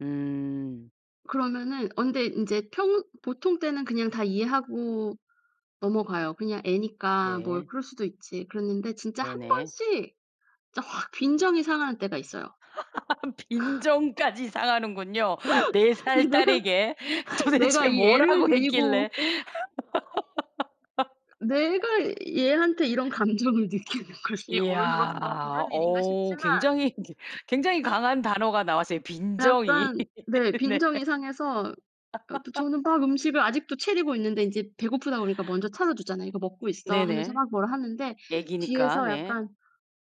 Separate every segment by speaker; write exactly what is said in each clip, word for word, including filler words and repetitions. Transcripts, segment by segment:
Speaker 1: 음.
Speaker 2: 그러면은 언제 인제 평 보통 때는 그냥 다 이해하고 넘어가요. 그냥 애니까 뭐
Speaker 1: 네.
Speaker 2: 그럴 수도 있지. 그랬는데 진짜 한
Speaker 1: 네네.
Speaker 2: 번씩 진짜 확 빈정이 상하는 때가 있어요.
Speaker 1: 빈정까지 상하는군요. 네 살
Speaker 2: 내가,
Speaker 1: 딸에게
Speaker 2: 내가
Speaker 1: 도대체
Speaker 2: 이 애를
Speaker 1: 뭐라고
Speaker 2: 데리고
Speaker 1: 했길래.
Speaker 2: 내가 얘한테 이런 감정을 느끼는 것이
Speaker 1: 이야,
Speaker 2: 어른으로서 옳은 일인가
Speaker 1: 어
Speaker 2: 싶지만
Speaker 1: 굉장히 이제 굉장히 강한 단어가 나왔어요. 빈정이.
Speaker 2: 약간 네
Speaker 1: 네.
Speaker 2: 빈정이 상해서 아 저는 막 음식을 아직도 채리고 있는데 인제 배고프다 그러니까 먼저 찾아주잖아요. "이거 먹고 있어." 하면서
Speaker 1: 네네.
Speaker 2: 막 뭐라 하는데
Speaker 1: 얘기니까,
Speaker 2: 뒤에서
Speaker 1: 네.
Speaker 2: 약간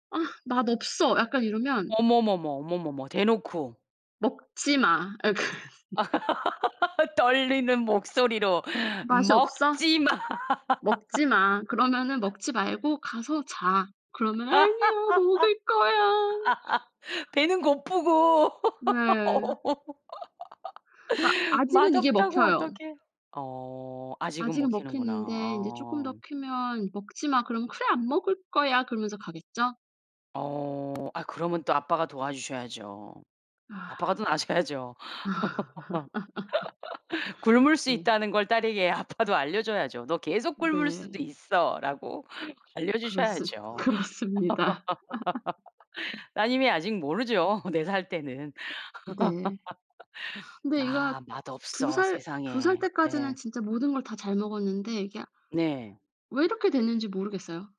Speaker 2: "아 맛없어." 약간 이러면
Speaker 1: 어머머머, 어머머머 대놓고.
Speaker 2: "먹지 마." 아 약간
Speaker 1: 떨리는 목소리로
Speaker 2: "맛이 없어?
Speaker 1: 먹지 마.
Speaker 2: 먹지 마. 그러면은 먹지 말고 가서 자." 그러면 "아니야 먹을 거야."
Speaker 1: 배는 고프고.
Speaker 2: 네. 그니까 아직은 이게
Speaker 1: 맛없다고
Speaker 2: 먹혀요.
Speaker 1: 어떻게 어 아직은
Speaker 2: 아직은
Speaker 1: 먹히는구나.
Speaker 2: 먹히는데 인제 쪼끔
Speaker 1: 아.
Speaker 2: 더 크면 "먹지마." 그럼 "그래 안 먹을 거야." 그러면서 가겠죠.
Speaker 1: 어 아 그러면 또 아빠가 도와주셔야죠.
Speaker 2: 아.
Speaker 1: 아빠가 또 아셔야죠.
Speaker 2: 아.
Speaker 1: 굶을 수
Speaker 2: 네.
Speaker 1: 있다는 걸 딸에게 아빠도 알려줘야죠. "너 계속 굶을 수도
Speaker 2: 네.
Speaker 1: 있어."라고
Speaker 2: 그렇습
Speaker 1: 알려주셔야죠.
Speaker 2: 그렇습니다.
Speaker 1: 따님이 아직 모르죠. 네 살 때는.
Speaker 2: 네. 근데 얘가
Speaker 1: "아
Speaker 2: 두
Speaker 1: 맛없어."
Speaker 2: 살 두 살
Speaker 1: 세상에.
Speaker 2: 때까지는
Speaker 1: 예.
Speaker 2: 진짜 모든 걸 다 잘 먹었는데 이게
Speaker 1: 네.
Speaker 2: 왜 이렇게 됐는지 모르겠어요.